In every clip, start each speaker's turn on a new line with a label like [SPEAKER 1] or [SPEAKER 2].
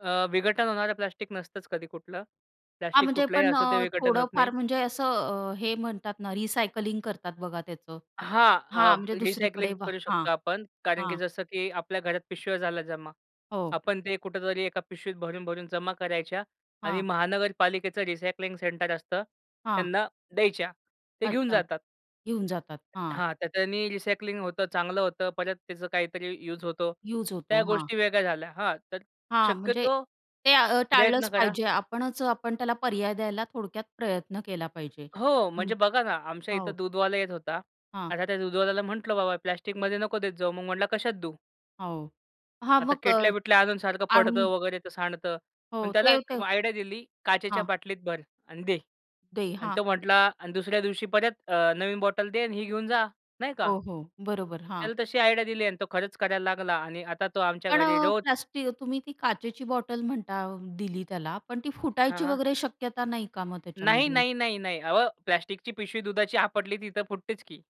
[SPEAKER 1] अ, विघटन होणारं प्लास्टिक नसतंच कधी कुठलं.
[SPEAKER 2] हां,
[SPEAKER 1] प्लास्टिक
[SPEAKER 2] म्हणजे
[SPEAKER 1] कुठलही
[SPEAKER 2] पण
[SPEAKER 1] असो ते
[SPEAKER 2] अ,
[SPEAKER 1] विघटन होत
[SPEAKER 2] थोडं
[SPEAKER 1] नाही.
[SPEAKER 2] फार म्हणजे असं अ, हे म्हणतात ना, रिसायकलिंग करतात बघा त्याचं
[SPEAKER 1] हां, अ,
[SPEAKER 2] हां, म्हणजे
[SPEAKER 1] रिसायकलिंग
[SPEAKER 2] दुसरीकडे वा
[SPEAKER 1] करू
[SPEAKER 2] हां,
[SPEAKER 1] शकतो आपण कारण की
[SPEAKER 2] हां.
[SPEAKER 1] जसं, की आपल्या घरात पिशव्या झाला जमा.
[SPEAKER 2] हो.
[SPEAKER 1] आपण ते कुठेतरी एका पिशवीत भरून-भरून जमा करायच्या आणि
[SPEAKER 2] हां.
[SPEAKER 1] महानगरपालिकेचं रिसायकलिंग सेंटर असतं
[SPEAKER 2] हां.
[SPEAKER 1] त्यांना द्यायच्या. ते घेऊन
[SPEAKER 2] अच्छा.
[SPEAKER 1] जातात.
[SPEAKER 2] घेऊन जातात, हां.
[SPEAKER 1] हां, त्याच्यानी रिसायकलिंग होतं, चांगलं होतं. परत त्याचं काहीतरी युज होतो.
[SPEAKER 2] युज
[SPEAKER 1] त्या
[SPEAKER 2] होतो. हां.
[SPEAKER 1] गोष्टी वेगळ्या झाल्या हां, तर
[SPEAKER 2] हां, म्हणजे
[SPEAKER 1] शक्यतो
[SPEAKER 2] ते अ,
[SPEAKER 1] प्रयत्न
[SPEAKER 2] टाळलंच
[SPEAKER 1] करा.
[SPEAKER 2] पाहिजे. आपणच आपण त्याला पर्याय द्यायला थोडक्यात प्रयत्न केला पाहिजे.
[SPEAKER 1] हो,
[SPEAKER 2] हं,
[SPEAKER 1] म्हणजे बघा ना, आमच्या
[SPEAKER 2] हो.
[SPEAKER 1] इथं दूधवाला येत होता.
[SPEAKER 2] हां.
[SPEAKER 1] आता त्या दूधवाल्याला म्हंटलं बाबा, "प्लास्टिकमध्ये नको देत जाऊ." मग म्हंटला, "कशात देऊ?"
[SPEAKER 2] हो, हां,
[SPEAKER 1] आता
[SPEAKER 2] मग अ,
[SPEAKER 1] केटल्या-बिटल्या आणून सारखं पडतं
[SPEAKER 2] आणून
[SPEAKER 1] वगैरे तर सांडतं पण.
[SPEAKER 2] हो,
[SPEAKER 1] त्याला
[SPEAKER 2] ते
[SPEAKER 1] एक
[SPEAKER 2] ते
[SPEAKER 1] आयडिया दिली, "काचेच्या
[SPEAKER 2] हां.
[SPEAKER 1] बाटलीत भर अन दे"
[SPEAKER 2] दे,
[SPEAKER 1] अन्
[SPEAKER 2] हां.
[SPEAKER 1] तो म्हटला अन् दुसऱ्या दिवशी परत अ, नवीन बॉटल दे अन् ही घेऊन जा. नाही का?
[SPEAKER 2] हो, हो, बरोबर. हां.
[SPEAKER 1] त्याला तशी आयडिया दिली अन् तो खरंच करायला लागला आणि आता तो आमच्या
[SPEAKER 2] पण
[SPEAKER 1] घरी
[SPEAKER 2] अ,
[SPEAKER 1] रोज
[SPEAKER 2] प्लास्टि तुम्ही ती काचेची बॉटल म्हणता दिली त्याला. पण ती
[SPEAKER 1] हां,
[SPEAKER 2] फुटायची
[SPEAKER 1] हां.
[SPEAKER 2] वगैरे शक्यता नाही का मग
[SPEAKER 1] नाही,
[SPEAKER 2] त्याच्यामध्ये?
[SPEAKER 1] नाही, नाही, नाही. अहो, प्लास्टिकची पिशवी दुधाची आपटली ती तर फुटतेच की.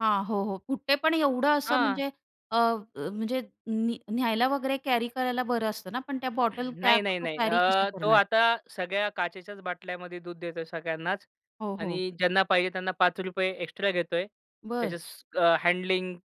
[SPEAKER 2] हां, हो, हो. फुटते पण एवढं असं
[SPEAKER 1] हां.
[SPEAKER 2] म्हणजे अ, अ, म्हणजे न्या न्यायला वगैरे कॅरी करायला बरं असतं ना पण त्या बॉटल त्या
[SPEAKER 1] नाही, नाही,
[SPEAKER 2] तो
[SPEAKER 1] नाही.
[SPEAKER 2] कॅरी कशा
[SPEAKER 1] अ, तो
[SPEAKER 2] करणार?
[SPEAKER 1] आता सगळ्या काचेच्याच बाटल्यामध्ये दूध देतोय सगळ्यांनाच
[SPEAKER 2] हो, हो.
[SPEAKER 1] आणि ज्यांना पाहिजे त्यांना ₹5 एक्स्ट्रा घेतोय.
[SPEAKER 2] बरं.
[SPEAKER 1] त्याच्या स अ, हँडलिंग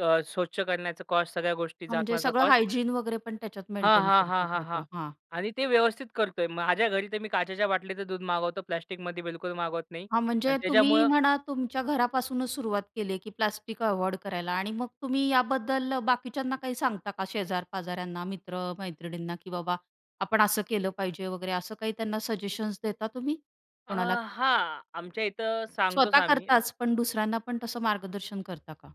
[SPEAKER 1] अ, स्वच्छ करण्याचा कॉस्ट. सगळ्या गोष्टी
[SPEAKER 2] हां, म्हणजे
[SPEAKER 1] झाकण्याचा
[SPEAKER 2] सगळं
[SPEAKER 1] कॉस्ट.
[SPEAKER 2] हायजीन वगैरे पण त्याच्यात
[SPEAKER 1] हां,
[SPEAKER 2] मेंटेन
[SPEAKER 1] हां,
[SPEAKER 2] करतो
[SPEAKER 1] हां, हां, हां
[SPEAKER 2] करतो, हां.
[SPEAKER 1] आणि ते व्यवस्थित करतोय. माझ्या घरी तर मी काचेच्या बाटलीचं दूध मागवतो. प्लास्टिकमध्ये बिलकुल मागवत नाही
[SPEAKER 2] हां,
[SPEAKER 1] अन्
[SPEAKER 2] म्हणजे तुम्ही
[SPEAKER 1] त्याच्यामुळं
[SPEAKER 2] म्हणा तुमच्या घरापासूनच सुरुवात केली आहे, की प्लास्टिक अव्हॉइड करायला. आणि मग तुम्ही याबद्दल बाकीच्यांना काही सांगता का शेजार-पाजाऱ्यांना, मित्र-मैत्रिणींना, की बाबा आपण असं केलं पाहिजे वगैरे. असं काही त्यांना सजेशन्स देता तुम्ही
[SPEAKER 1] अ,
[SPEAKER 2] कोणाला?
[SPEAKER 1] हां, आमच्या इथं सांगतोच
[SPEAKER 2] स्वतः
[SPEAKER 1] आम्ही.
[SPEAKER 2] करताच, पण दुसऱ्यांना पण तसं मार्गदर्शन करता का?